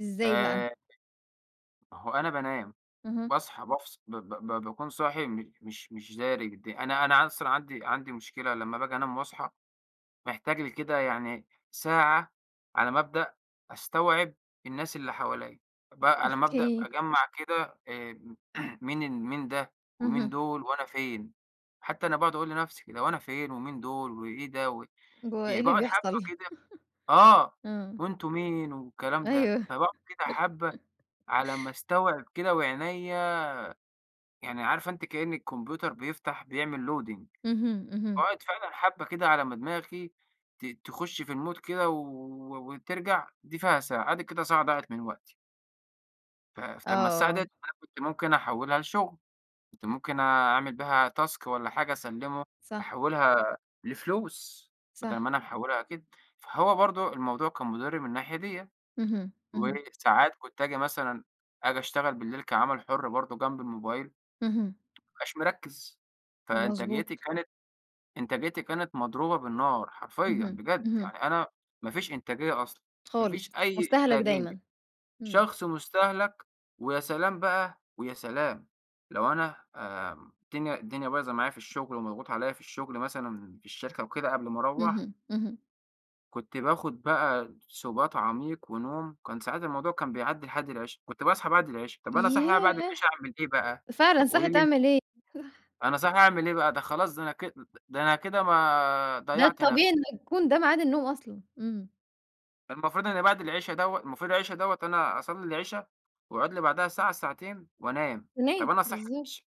إزاي بقى؟ آآ، [unintelligible] ما هو أنا بانام، اهم. باصحى بافص ب ب ب باكون صاحي مش مش مش داري بالدنيا، أنا أنا أصلًا عندي عندي مشكلة لمّا باجي أنام وأصحى محتاج لي كده يعني ساعة على ما أبدأ أستوعب الناس اللي حواليّ، ب على ما أبدأ أوكي. أجمع كده، آآ م، مين ال مين ده ومين اهم. دول وأنا فين. حتّى أنا باقعد أقول لنفسي كده، هو أنا فين ومين دول وإيه ده و ب و إيه يعني اللي باقعد حبه بيحصل؟، كده آه إمم. وأنتم مين والكلام ده، أيوه.. فباقعد كده حبة، على ما أستوعب كده وعينيَّ يعني عارفة أنتِ كأن الكمبيوتر بيفتح بيعمل loading اهم، اهم. فباقعد فعلًا حبة كده على ما دماغي ت تخش في المود كده و و وترجع، دي فيها ساعة. آدِي كده ساعة ضاعت من وقتي. ف فما الساعة دي آه. أنا كنت ممكن أحولها لشغل، كنت ممكن أعمل بيها task والَّا حاجة، أسلمه صح. أحولها لفلوس، بدل صح. ما أنا محولها كده. فهو برضو الموضوع كان مضر من الناحية ديَّة. اهم، اهم. وساعات كنت آجي مثلًا آجي أشتغل بالليل كعمل حر برضو جنب الموبايل ما اهم. أبقاش مركز، فإنتاجيتي مضبوط. كانت إنتاجيتي كانت مضروبة بالنار حرفيًّا اهم بجد، اهم. يعني أنا ما فيش إنتاجية أصلًا، ما خالص فيش أي مُستَهلََك إنتاجية، دايمًا. إمم. شخص مُستَهلَك. ويا سلام بقى، ويا سلام لو أنا، آآ الدنيا الدنيا بايظة معايا في الشغل ومضغوط عليَّ في الشغل مثلًا في الشركة وكده قبل ما أروَّح اهم، اهم. كنت باخد بقى سُبات عميق ونوم، كان ساعات الموضوع كان بيعدي لحد العِشا. كنت باصحي بعد العِشا، طب أنا صاحي بعد ياه! العِشا أعمل إيه بقى فعلًا طب قولي صاحي لي أن تعمل إيه؟ صح. أنا صاحي أعمل إيه بقى؟ ده خلاص ده أنا ك أ أ ده أنا كده ما ده ضيعت الطبيعي نفسي. إن يكون ده ميعاد النوم أصلًا، إمم. ده المفروض إن بعد العِشا دوّة المفروض العِشا دوّة أنا أصلي العِشا وأقعد لي بعدها ساعة، ساعتين، [unintelligible] وأنام. تنام، طب أنا صاحي بالضبط. [unintelligible]